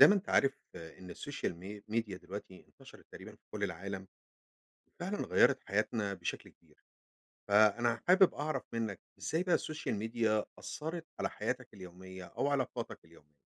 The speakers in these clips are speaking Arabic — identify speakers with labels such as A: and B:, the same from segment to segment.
A: زي ما أنت عارف إن السوشيال م ميديا دلوقتي انتشرت تقريبًا في كل العالم، وفعلًا غيرت حياتنا بشكل كبير، فأنا حابب أعرف منك إزاي بقى السوشيال ميديا أثرت على حياتك اليومية، أوعلاقاتك اليومية؟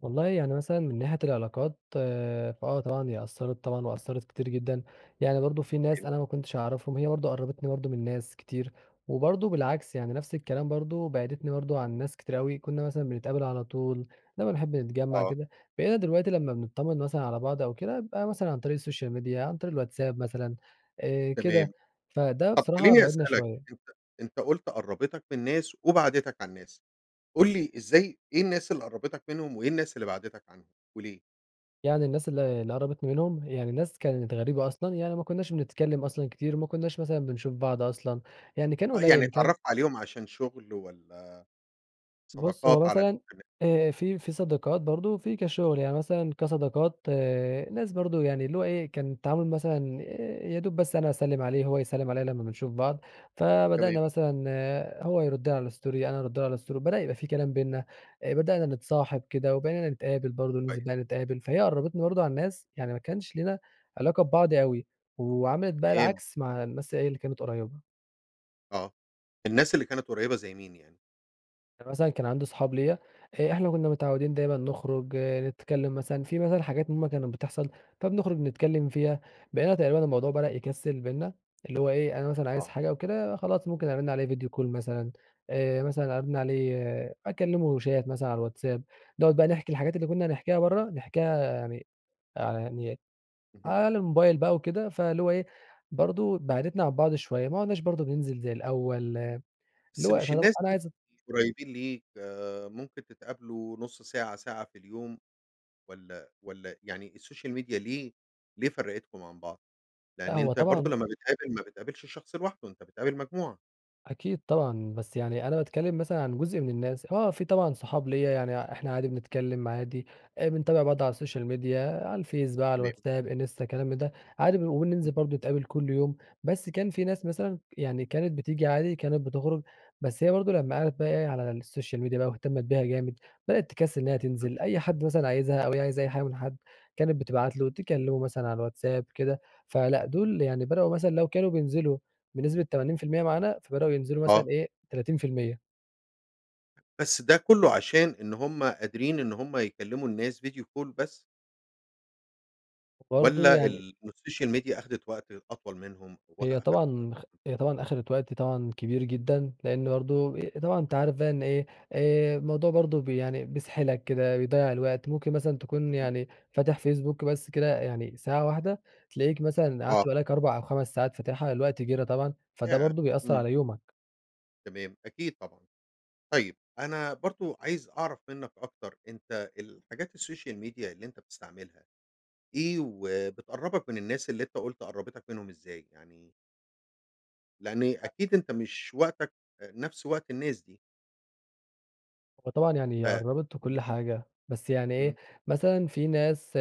B: والله يعني مثلًا من ناحية العلاقات فآه طبعًا هي أثرت طبعًا وأثرت كتير جدًا. يعني برضه في ناس
A: أوكى.
B: أنا ما كنتش أعرفهم هي برضه قربتني برضه من ناس كتير، وبرضه بالعكس يعني نفس الكلام برضه بعدتني برضه عن ناس كتير أوي كنا مثلًا بنتقابل على طول، لما بنحب نتجمع
A: آه.
B: كده. بقينا دلوقتي لما بنطمن مثلًا على بعض أو كده يبقى مثلًا عن طريق السوشيال ميديا عن طريق الواتساب مثلًا آآ،
A: تمام.
B: كده. فده
A: طب
B: بصراحة
A: خليني
B: بعِدنا
A: أسألك
B: شوية.
A: أنت أنت قلت قربتك من ناس وبعدتك عن ناس. قل لي إزاي إيه الناس اللي قربتك منهم؟ وإيه الناس اللي بعدتك عنهم؟ وليه؟
B: يعني الناس اللي اللي قربتني منهم يعني ناس كانت غريبة أصلًا، يعني ما كناش بنتكلم أصلًا كتير وما كناش مثلًا بنشوف بعض أصلًا، يعني كان
A: آه. يعني
B: قليل كان
A: اتعرفت عليهم عشان شغل والّا،
B: بص هو
A: صداقات على
B: مثلًا
A: الإنترنت؟
B: آآ، في في صداقات برضه وفي كشغل. يعني مثلًا كصداقات ناس برضه يعني اللي هو ايه، كان التعامل مثلًا يادوب بس أنا أسلم عليه هو يسلم عليا لما بنشوف بعض.
A: تمام.
B: فبدأنا مثلًا هو يرد على الstory أنا أرد له على الstory بدأ يبقى في كلام بيننا، آآ بدأنا نتصاحب كده وبقينا نتقابل برضه ننزل
A: كويس.
B: بقى نتقابل، فهي قربتنا برضه عن ناس يعني ما كانش لينا علاقة ببعض أوي، وعملت بقي
A: تمام.
B: العكس مع الناس ايه اللي كانت قريبة.
A: آه. الناس اللي كانت قريبة زي مين يعني؟
B: يعني مثلًا كان عندي صحاب ليا آآ، إحنا كنا متعودين دايمًا نخرج نتكلم مثلًا، في مثلًا حاجات هم كانت بتحصل فبنخرج نتكلم فيها، بقينا تقريبًا الموضوع بدأ يكسل بيننا اللي هو إيه أنا مثلًا عايز
A: آه.
B: حاجة أو كده خلاص ممكن أرن عليه فيديو كول مثلًا، آآ مثلًا أرن عليه أكلمه شات مثلًا على الواتس آب، نقعد بقى نحكي الحاجات اللي كنا هنحكيها بره نحكيها يعني على يعني
A: اهم.
B: على الموبايل بقى وكده. فاللي هو إيه برضه بعدتنا عن بعض شوية ما عُدناش برضه بننزل زي الأول، اللي
A: بس
B: هو
A: مش
B: طب
A: الناس
B: أنا
A: دي
B: عايز
A: قريبين ليك ممكن تتقابلوا نص ساعة، ساعة في اليوم، والّا والّا يعني السوشيال ميديا ليه ليه فرقتكم عن بعض؟
B: لا
A: لأن
B: هو
A: أنت برضه
B: طبعًا
A: لما بتقابل ما بتقابلش الشخص لوحده أنت بتقابل مجموعة.
B: أكيد طبعًا، بس يعني أنا باتكلم مثلًا عن جزء من الناس، آه في طبعًا صحاب ليا يعني إحنا عادي بنتكلم عادي آآ، بنتابع بعض على السوشيال ميديا على الفيس، بقى على
A: تمام.
B: الواتس آب، انستا، كلام من ده، عادي وبننزل
A: اهم.
B: برضه نتقابل كل يوم. بس كان في ناس مثلًا يعني كانت بتيجي عادي كانت بتخرج بس هي برضه لما قعدت بقى إيه على السوشيال ميديا بقى واهتمت بيها جامد بدأت تكسل إنها
A: اهم.
B: تنزل، أي حد مثلًا عايزها أو هي عايزة أي حاجة من حد كانت بتبعت له، تكلمه مثلًا على الواتس آب كده. فلأ دول يعني بدأوا مثلًا لو كانوا بينزلوا بنسبة 80% معانا فبدأوا ينزلوا مثلًا
A: آه.
B: إيه 30%.
A: بس ده كله عشان إن هم قادرين إن هم يكلموا الناس video call بس.
B: وبرضه
A: والّا
B: يعني
A: ال إن الsocial media أخدت وقت أطول منهم ووخ
B: هي
A: أخدت
B: طبعًا خ
A: وقتهم؟
B: هي طبعًا أخدت وقت طبعًا كبير جدًا، لأن برضه طبعًا أنتَ عارف بقى إن إيه آآ الموضوع برضه ب يعني بيسحلك كده، بيضيع الوقت ممكن مثلًا تكون
A: امم.
B: يعني فاتح فيسبوك بس كده يعني ساعة واحدة تلاقيك مثلًا
A: آه.
B: قعدت بقى لَك 4 أو 5 ساعات فاتحها الوقت جرى طبعًا، فده
A: ياه
B: برضه بيأثر
A: امم.
B: على يومك.
A: تمام أكيد طبعًا، طيب أنا برضه عايز أعرف منك أكتر أنتَ الحاجات الsocial media اللي أنتَ بتستعملها، إيه، وبتقربك من الناس اللي أنتَ قلت قرَّبتك منهم إزاي يعني؟ لأن
B: أ
A: أكيد أنتَ مش وقتَك آآ نفس وقت الناس دي.
B: هو طبعًا
A: ف
B: يعني قربت وكل
A: امم.
B: حاجة، بس يعني
A: امم.
B: إيه مثلًا في ناس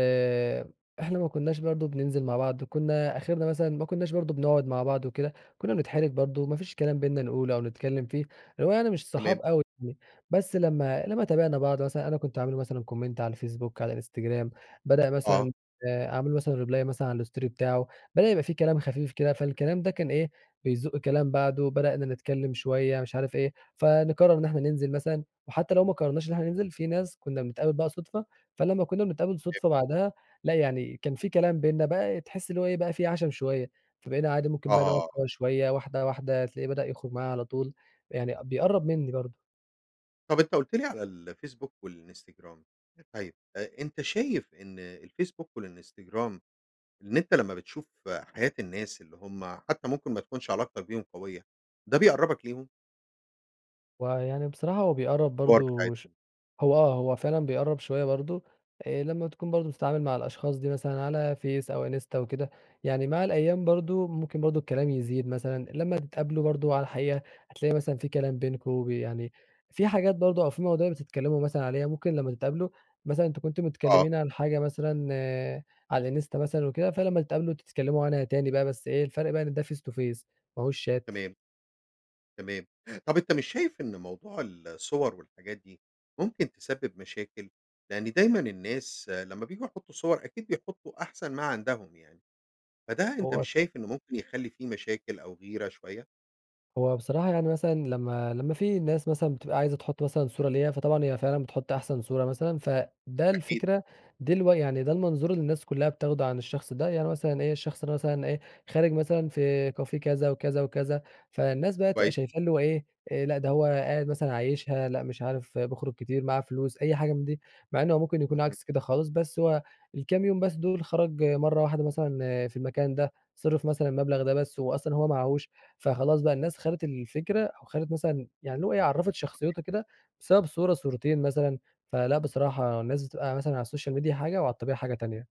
B: إحنا ما كناش برضه بننزل مع بعض كنا آخرنا مثلًا ما كناش برضه بنقعد مع بعض وكده، كنا بنتحرج برضه ما فيش كلام بيننا نقوله أو نتكلم فيه، اللي هو يعني مش صحاب
A: تمام.
B: أوي يعني بس لمَّا لمَّا تابعنا بعض مثلًا أنا كنت أعمل له مثلًا comment على الفيسبوك، على الإنستجرام بدأ
A: آه.
B: مثلًا آآ أعمل له مثلًا reply مثلًا على الstory بتاعه، بدأ يبقى في كلام خفيف كده فالكلام ده كان إيه بيزق كلام بعده، بدأنا نتكلم شوية مش عارف إيه فنقرر إن إحنا ننزل مثلًا، وحتى لو ما قررناش إن إحنا ننزل في ناس كنا بنتقابل بقى صدفة، فلمَّا كنا بنتقابل
A: تمام.
B: صدفة بعدها لأ، يعني كان في كلام بيننا بقى تحس اللي هو إيه بقى في عَشَم شوية، فبقينا عادي ممكن بقى نقعد
A: آه.
B: سوا شوية واحدة واحدة هتلاقيه بدأ يخرج معايا على طول، يعني بيقرب منِّي برضه.
A: طب أنت قلت لي على الفيسبوك والإنستجرام. طيب أ أنت شايف إن الفيسبوك والإنستجرام إن أنت لما بتشوف حياة الناس اللي هم حتى ممكن ما تكونش علاقتَك بيهم قوية، ده بيقربك ليهم؟
B: هو يعني بصراحة هو بيقرب
A: الصور
B: برضه ش
A: بتاعتهم.
B: هو آه، هو فعلًا بيقرب شوية برضو آآ، لما تكون برضه بتتعامل مع الأشخاص دي مثلًا على فيس أو إنستا وكده، يعني مع الأيام برضه ممكن برضه الكلام يزيد مثلًا لما تتقابلوا برضه على الحقيقة هتلاقي مثلًا في كلام بينكم ب يعني في حاجات برضه أو في مواضيع بتتكلموا مثلًا عليها، ممكن لما تتقابلوا مثلًا أنتم كنتم
A: آه.
B: متكلمين عن حاجة مثلًا على الانستا مثلًا وكده، فلما تتقابلوا تتكلموا عنها تاني بقى بس إيه الفرق بقى ان ده face to face ما هوش شات.
A: تمام. تمام، طب أنت مش شايف إن موضوع الصور والحاجات دي ممكن تسبب مشاكل؟ لأن دايمًا الناس لما بييجوا يحطوا صور أكيد بيحطوا أحسن ما عندهم يعني، فده أنت
B: هو
A: مش شايف إنه ممكن يخلي في مشاكل أو غيرة شوية؟
B: هو بصراحة يعني مثلًا لما لما في ناس مثلًا بتبقى عايزة تُحط مثلًا صورة ليها، فطبعًا هي فعلًا بتحط أحسن صورة مثلًا، فده
A: أكيد.
B: الفكرة دي الو يعني ده المنظور اللي الناس كلها بتاخدوا عن الشخص ده، يعني مثلًا إيه، الشخص مثلًا إيه، خارج مثلًا في كافيه كذا وكذا وكذا فالناس بقى تبقى
A: كويس.
B: شايفاه اللي هو إيه، لأ ده هو قاعد مثلًا عايشها، لأ مش عارف بيخرج كتير معاه فلوس أي حاجة من دي، مع إن هو ممكن يكون
A: اهم.
B: عكس كده خالص، بس هو الكام يوم بس دول خرج مرة واحدة مثلًا في المكان ده، صرف مثلًا المبلغ ده بس وهو أصلًا هو معاهوش، فخلاص بقى الناس خدت الفكرة وخدت مثلًا يعني اللي هو عرّفت
A: أوكي.
B: شخصيتها كده بسبب صورة صورتين مثلًا. فلأ بصراحة الناس بتبقى مثلًا على السوشيال ميديا حاجة وعلى الطبيعة حاجة تانية.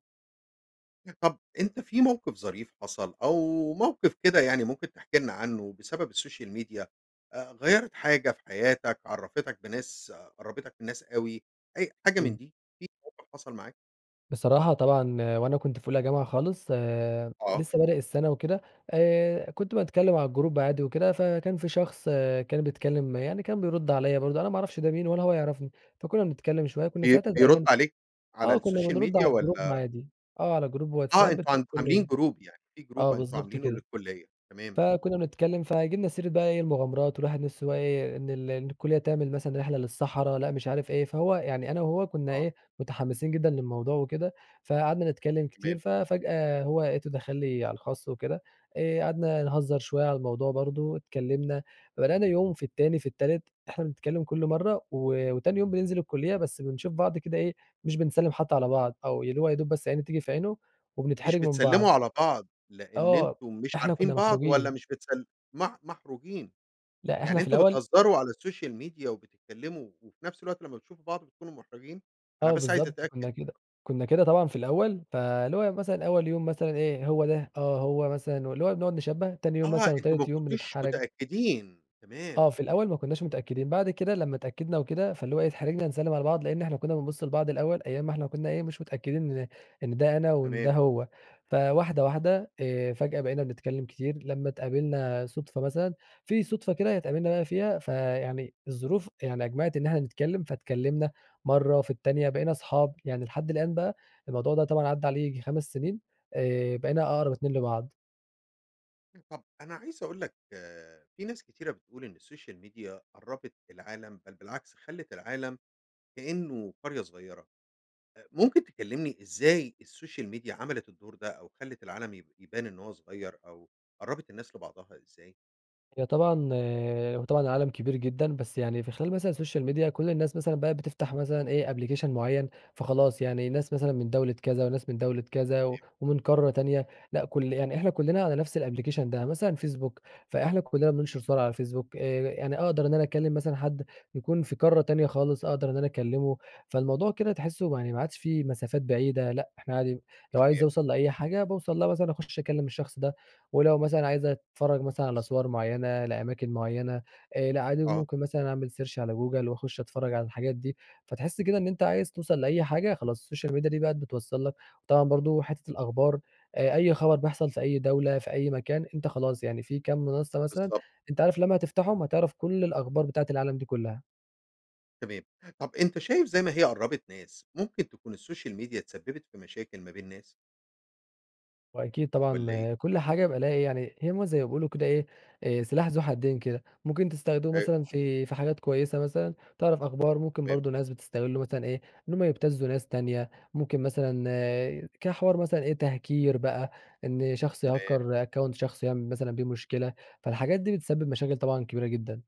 A: طب، أنت في موقف ظريف حصل أو موقف كده يعني ممكن تحكي لنا عنّه بسبب السوشيال ميديا، آآ، غيرت حاجة في حياتك، عرّفتك بناس قرّبتك من ناس أوي، أي حاجة من
B: إمم.
A: دي، في موقف حصل معاك؟
B: بصراحة، طبعًا وأنا كنت في أولى جامعة خالص آآ،
A: آه.
B: لسّه بادئ السنة وكده، آآ كنت باتكلّم على الجروب عادي وكده فكان في شخص كان بيتكلّم يعني، كان بيرد عليَّ برضه أنا ما أعرفش ده مين ولا هو يعرفني. فكنا بنتكلّم شويّة كنّا
A: بي
B: ساعتها
A: بيرد
B: تقريبًا
A: عليك على
B: آه، كنّا
A: السوشيال
B: بنرد
A: ميديا
B: على الجروب
A: والّا
B: عادي. آه، على جروب
A: آه،
B: واتساب
A: أنتم
B: بتاع
A: ع عاملين
B: الكلية.
A: جروب يعني، في جروب
B: آه،
A: أنتم
B: بالضبط
A: عاملينه
B: كده.
A: للكلية، تمام.
B: فكنا بنتكلّم فجبنا سيرة بقى إيه المغامرات والواحد نفسه بقى إيه، إن ال إن الكلية تعمل مثلًا رحلة للصحراء لأ مش عارف إيه، فهو يعني أنا وهو كنّا
A: آه.
B: إيه متحمسين جدًا للموضوع وكده، فقعدنا نتكلّم كتير
A: تمام.
B: ففجأة هو لقيته دخل لي على الخاص وكده، آآ قعدنا نهزر شويّة على الموضوع برضه، اتكلمنا، بدأنا يوم في التاني في التالت إحنا بنتكلم كل مرّة، و وتاني يوم بننزل الكلية بس بنشوف بعض كده إيه، مش بنسلّم حتّى على بعض، أو اللي هو يا دوب بس عيني تيجي في عينه
A: مش
B: وبنتحرج من
A: بتسلّموا
B: بعض.
A: على بعض لأن
B: آه،
A: أنتم مش
B: إحنا
A: عارفين
B: كنا
A: بعض، والّا
B: محروجين.
A: مش بتسل مح محروجين.
B: لأ،
A: يعني،
B: إحنا في
A: أنتم
B: الأول
A: بتهزروا على السوشيال ميديا وبتتكلموا وفي نفس الوقت لمّا بتشوفوا بعض بتكونوا محرجين؟ أنا
B: آه
A: بس عايز
B: بالضبط،
A: أتأكد.
B: كنا كده كنا كده طبعًا في الأول، فاللي هو يوم مثلًا أول يوم مثلًا إيه، هو ده؟ آه هو مثلًا، واللي هو بنقعد نشبّه، تاني يوم
A: آه!
B: مثلًا
A: أنتم ما
B: وتالت يوم
A: كنتوش
B: بنتحرج.
A: متأكدين تمام،
B: آه، في
A: تمام.
B: الأول ما كناش متأكدين، بعد كده لمّا اتأكدنا وكده فاللي هو أيه اتحرجنا نسلّم على بعض، لأن إحنا كنا بنبص البعض الأول أيام ما إحنا كنا إيه مش متأكدين إن إن ده أنا، وإن
A: تمام.
B: ده هو فواحدة واحدة آآ، فجأة بقينا نتكلم كتير لمّا اتقابلنا صدفة مثلًا، في صدفة كده اتقابلنا بقى فيها فيعني الظروف يعني أجمعت إن إحنا نتكلم فاتكلمنا مرة في التانية بقينا أصحاب، يعني لحد الآن بقى الموضوع ده طبعًا عدى عليه ييجي 5 سنين، آآ، بقينا أقرب اتنين لبعض.
A: طب أنا عايز أقول لك في ناس كتيرة بتقول إن السوشيال ميديا قربت العالم، بل بالعكس خلت العالم كأنه قرية صغيرة. أ ممكن تكلمني إزاي السوشيال ميديا عملت الدور ده أو خلت العالم يب يبان إنه هو صغير أو قربت الناس لبعضها إزاي؟
B: هي طبعًا هو طبعًا العالم كبير جدًا بس يعني في خلال مثلًا السوشيال ميديا كل الناس مثلًا بقت بتفتح مثلًا إيه أبلكيشن معين، فخلاص يعني الناس مثلًا من دولة كذا وناس من دولة كذا و
A: تمام.
B: ومن قارة تانية، لأ كل يعني إحنا كلنا على نفس الأبليكيشن ده. يعني مثلًا فيسبوك
A: آه.
B: فإحنا كلنا بننشر صور على الفيسبوك آآ، ي يعني أقدر إن أنا أكلم مثلًا حد يكون في قارة تانية خالص أقدر إن أنا أكلمه، فالموضوع كده تحسه ما يعني ما عادش في مسافات بعيدة لأ، إحنا عادي لو عايز
A: صحيح.
B: أوصل لأي حاجة باوصل لها مثلًا أخش أكلم الشخص ده، ولو مثلًا عايزة أتفرج مثلًا على
A: بالضبط.
B: صور معينة لأماكن معينة آآ، لأ عادي
A: آه.
B: وممكن مثلًا أعمل search على جوجل وأخش أتفرج على الحاجات دي. فتحس كده إن أنت عايز توصل لأي حاجة خلاص السوشيال ميديا دي بقى بتوصل لك وطبعًا برضه حتة الأخبار، آآ، أي خبر بيحصل في أي دولة في أي مكان أنت خلاص، يعني في كام منصة مثلًا
A: بالضبط.
B: أنت عارف لما هتفتحهم هتعرف كل الأخبار بتاعة العالم دي كلها.
A: تمام. طب أنت شايف زي ما هي قرّبت ناس، ممكن تكون السوشيال ميديا تسببت في مشاكل ما بين ناس؟
B: وأكيد
A: والّا إيه؟
B: طبعًا كل حاجة بقى ليها إيه يعني، هي ما زي ما بيقولوا كده إيه آآ سلاح ذو حدين كده، ممكن تستخدمه
A: أيوه،
B: مثلًا
A: فهمت
B: في في حاجات كويّسة مثلًا، تعرف أخبار ممكن
A: تمام.
B: برضو ناس بتستغله مثلًا إيه، إن هم يبتزوا ناس تانية، ممكن مثلًا كحوار مثلًا إيه تهكير بقى، إن شخص
A: تمام.
B: يهكر أكونت شخص يعمل مثلًا بيه مشكلة،
A: امم.
B: فالحاجات دي بتسبب مشاكل طبعًا كبيرة جدًا.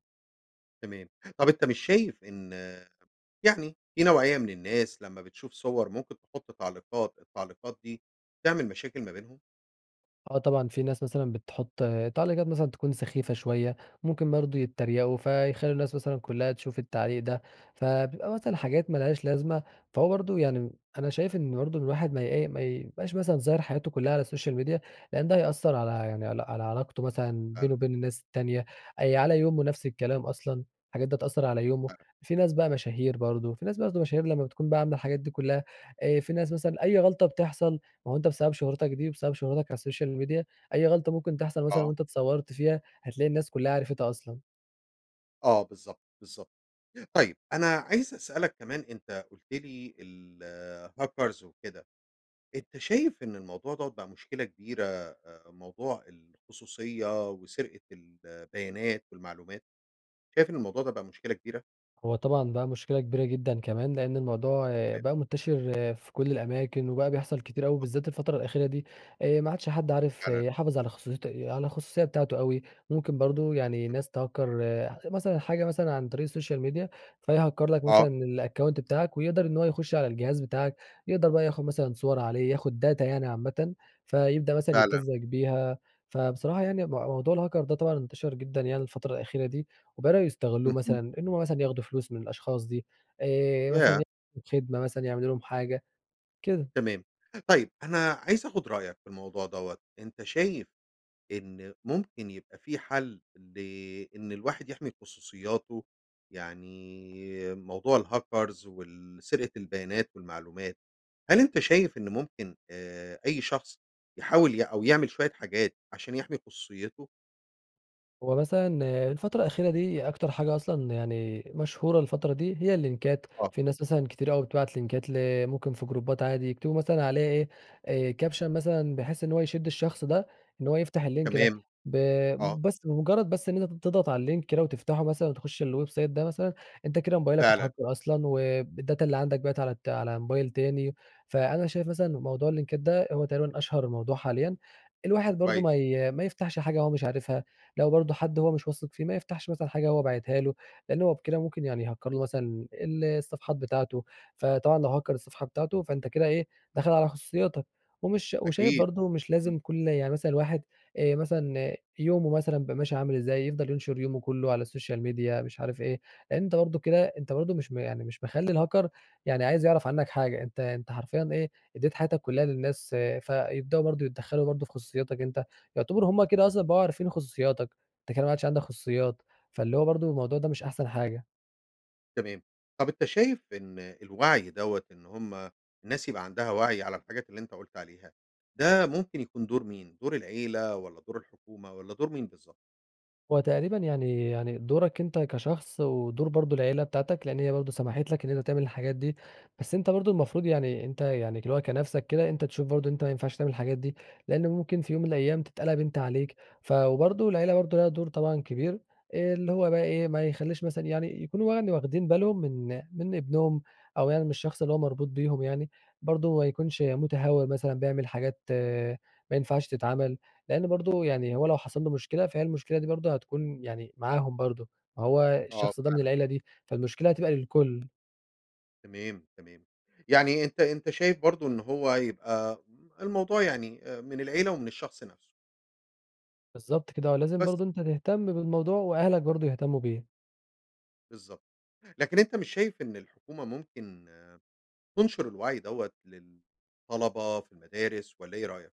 A: تمام. طب أنت مش شايف إن يعني في نوعية من الناس لمّا بتشوف صور ممكن تحط تعليقات، التعليقات دي تعمل مشاكل ما بينهم؟
B: آه طبعًا، في ناس مثلًا بتحط تعليقات مثلًا تكون سخيفة شويّة، ممكن برضو يتريقوا فيخلوا الناس مثلًا كلّها تشوف التعليق ده، فبيبقى مثلًا حاجات ما لهاش لازمة. فهو برضو يعني، أنا شايف إنّه برضو الواحد ما ي إيه، ما يبقاش مثلًا ظاهر حياته كلّها على السوشيال ميديا لأن ده هيأثر على يعني على على علاقته مثلًا بينه
A: قلق.
B: وبين الناس التانية، آآ على يومه نفس الكلام أصلًا، الحاجات ده هتأثر على يومه،
A: [unintelligible]
B: في ناس بقى مشاهير برضو، في ناس برضو مشاهير لمّا بتكون بقى عاملة الحاجات دي كلّها آآ، في ناس مثلًا أي غلطة بتحصل ما هو أنت بسبب شهرتك دي، بسبب شهرتك على السوشيال ميديا أي غلطة ممكن تحصل مثلًا
A: آه.
B: وأنت اتصورت فيها، هتلاقي الناس كلّها عرفتها أصلًا.
A: آه بالضبط بالضبط، طيب أنا عايز أسألَك كمان أنتَ قلت لي الهاكرز وكده، أنتَ شايف إن الموضوع دَوَّة بقى مشكلة كبيرة آآ موضوع الخصوصية وسرقة البيانات والمعلومات، شايف إن الموضوع ده بقى مشكلة كبيرة؟
B: هو طبعًا بقى مشكلة كبيرة جدًا كمان لأن الموضوع
A: تمام.
B: بقى منتشر في كل الأماكن، وبقى بيحصل كتير أوي
A: آه.
B: بالذات الفترة الأخيرة دي، آآ ما عادش حد عارف
A: فعلًا.
B: يحافظ على خصوصيت على الخصوصية بتاعته أوي، ممكن برضه يعني
A: [unintelligible]
B: ناس تهكَّر مثلًا حاجة مثلًا عن طريق الsocial media فيهكَّر لَك
A: آه.
B: مثلًا الaccount بتاعَك ويقدر إن هو يخش على الجهاز بتاعَك، يقدر بقى ياخد مثلًا صور عليه ياخد data يعني عامةً، فيبدأ مثلًا
A: فعلًا.
B: يبتزَّك بيها. فبصراحة يعني مو موضوع الهاكر ده طبعًا انتشر جدًا يعني الفترة الأخيرة دي، وبدأوا يستغلوه
A: اهم.
B: مثلًا، إن هم مثلًا ياخدوا فلوس من الأشخاص دي آآ مثلًا
A: ياه!
B: ي خدمة مثلًا يعملوا لهم حاجة. كده.
A: تمام طيب، أنا عايز أخد رأيك في الموضوع دَوَّة. أنتَ شايف إن ممكن يبقى في حل لإن الواحد يحمِي خصوصياته؟ يعني موضوع الهاكرز وال سرقة البيانات والمعلومات، هل أنتَ شايف إن ممكن آآ أي شخص يحاول ي أو يعمل شوية حاجات عشان يحمِي خصوصيته؟
B: هو مثلًا
A: حلو.
B: الفترة الأخيرة دي أكتر حاجة أصلًا يعني مشهورة الفترة دي هي اللينكات،
A: آه.
B: في ناس مثلًا كتير أوي بتبعت لينكات ل ممكن في جروبات عادي يكتبوا مثلًا عليه إيه، كابشن مثلًا بحيث إن هو يشد الشخص ده إن هو يفتح اللينك ده
A: تمام،
B: ب
A: آه.
B: بس بمجرد بس إن أنت تضغط على اللينك كده وتفتحه مثلًا وتخش الويب سايت ده مثلًا أنت كده موبايلك
A: فعلًا.
B: اتهكر أصلًا والداتا اللي عندك بقِت على ت موبايل تاني، فأنا شايف مثلًا موضوع اللينكات ده هو تقريبًا أشهر موضوع حاليًا، الواحد برضه
A: كويس.
B: ما ي ما يفتحش حاجة هو مش عارفها لو برضه حد هو مش واثق فيه ما يفتحش مثلًا حاجة هو باعتها له، لأنه هو بكده ممكن يعني يهكر له مثلًا ال الصفحات بتاعته. فطبعًا لو هكر الصفحة بتاعته فأنت كده إيه دخل على خصوصياتك، ومش شا وشايف
A: أكيد.
B: برضه مش
A: امم.
B: لازم كل يعني مثلًا الواحد آآ، مثلًا يومه مثلًا يبقى ماشي عامل إزاي يفضل ينشر يومه كله على السوشيال ميديا مش عارف إيه، أنت برضه كده أنت برضه مش م يعني مش مخلي الهاكر يعني عايز يعرف عنك حاجة، أنت أنت حرفيًا إيه أديت حياتك كلها للناس فيبدأوا برضه يتدخلوا برضه في خصوصياتك أنت، يعتبروا همّ كده أصلًا بقوا عارفين خصوصياتك أنت كده ما عادش عندك خصوصيات. فاللي هو برضه الموضوع ده مش أحسن حاجة.
A: تمام، طب أنتَ شايف إن الوعي ده إن هُم الناس يبقى عندها وعي على الحاجات اللي أنت قُلت عليها، ده ممكن يكون دور مين؟ دور العائلة والّا دور الحكومة والّا دور مين بالضبط؟
B: هو تقريبًا يعني يعني دورَك أنت كشخص، ودور برضو العيلة بتاعتك، لأن هي برضو سمحت لَك إن أنت تعمل الحاجات دي، بس أنت برضو المفروض يعني أنت يعني، اللي هو كنفْسك كده، أنت تشوف برضو إن أنت ما ينفعش تعمل الحاجات دي، لأن ممكن في يوم من الأيام تتقلّب أنت عليك ف وبرضو العيلة برضو لها دور طبعًا كبير، آآ، اللي هو بقي إيه، ما يخلّيش مثلًا يعني، يكونوا يعني واخدين بالهم من من ابنهم، أو يعني من الشخص اللي هو مربوط بيهم يعني، برضو ما يكونش متهّور مثلًا بيعمل حاجات ما ينفعش تتعمل، لأن برضو يعني هو لو حصل له مشكلة، فهي المشكلة دي برضو هتكون يعني معاهم برضو، فهو
A: آه،
B: الشخص ده من
A: فعلًا.
B: العيلة دي، فالمشكلة هتبقى للكُل.
A: تمام، تمام يعني أنت أنت شايف برضو إن هو يبقى الموضوع يعني، آآ، من العيلة ومن الشخص نفْسه.
B: بالضبط كده، ولازم
A: بس
B: برضو أنت تهتم بالموضوع وأهلك برضو يهتمّوا بيه.
A: بالضبط، لكن أنت مش شايف إن الحكومة ممكن تُنشر الوعي دوّة للطّلبة في المدارس، والّا إيه رأيك؟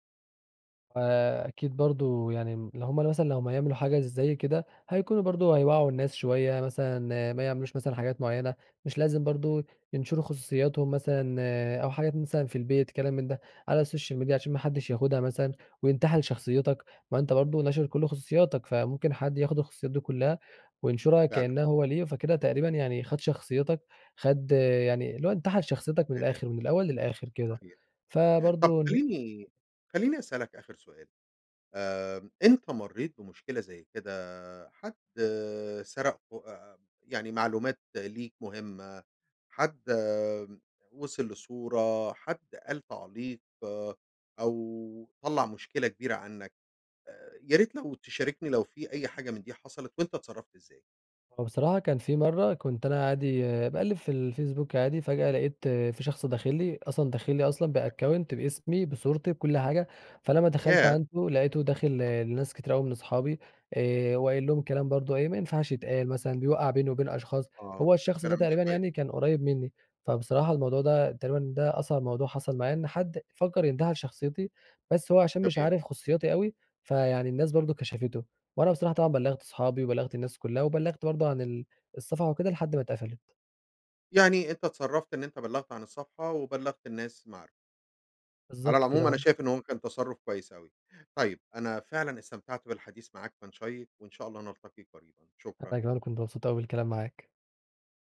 B: فأكيد برضو يعني م لو هم مثلًا لمّا هيعملوا حاجة زي كده هيكونوا برضه هيوعُّوا الناس شوية مثلًا ما يعملوش مثلًا حاجات معينة، مش لازم برضه ينشروا خصوصياتهم مثلًا أو حاجات مثلًا في البيت كلام من ده على الsocial media عشان ما حدش ياخدها مثلًا وينتحل شخصيتك، ما أنتَ برضه ناشر كل خصوصياتك، فممكن حد ياخد الخصوصيات دي كلها وينشرها
A: فعلًا.
B: كأنها هو لِيه فكده تقريبًا يعني خد شخصيتك، خد يعني اللي هو انتحل شخصيتك من
A: [unintelligible]
B: الآخر من الأول للآخر كده.
A: صحيح طَب
B: فبرضه ن
A: خليني خليني أسألك آخر سؤال. آآ أنت مرِّيت بمشكلة زي كده؟ حد سرق خ أ أ يعني معلومات ليك مهمة، حد وصل لصورة، حد قال تعليق، أو طَلّع مشكلة كبيرة عنك. آآ يا ريت لو تشاركني لو في أي حاجة من دي حصلت وأنتَ اتصرفت إزاي؟
B: هو بصراحة كان في مرّة كنت أنا عادي باقلّب في الفيسبوك عادي فجأة لاقيت في شخص داخل لي، أصلًا داخل لي أصلًا
A: تما
B: بaccount بإسمي، بصورتي بكل حاجة، فلما دخلت
A: ياه!
B: عنده لاقيته داخل
A: أخخ.
B: لناس كتير أوي من أصحابي آآ وقايل لهم الكلام برضه إيه ما ينفعش يتقال مثلًا بيوَّقَع بيني وبين أشخاص.
A: آه
B: هو الشخص ده
A: كلام مش
B: تقريبًا
A: كويس.
B: يعني كان قريب منِّي، فبصراحة الموضوع ده تقريبًا ده أصعب موضوع حصل معايا إن حد فَكّر إن ينتحل شخصيتي، بس هو عشان مش
A: تمام.
B: عارف خصوصياتي أوي فيعني الناس برضه كشفته. وأنا بصراحة طبعًا بَلّغت اصحابي، وبَلّغت الناس كلها، وبَلّغت برضه عن ال الصفحة وكده لحد ما اتقفلت.
A: يعني أنتَ اتصرفت إن أنتَ بَلّغت عن الصفحة وبَلّغت الناس المعارف. على
B: بالضبط كده
A: العموم أنا
B: آه.
A: شايف إنه هو كان تصرف كويس أوي. طيب أنا فعلًا استمتعت بالحديث معاك كان شيِّق وإن شاء الله نلتقي قريبًا
B: أنا
A: شكرًا.
B: كمان كنت مبسوط أوي بالكلام معاك.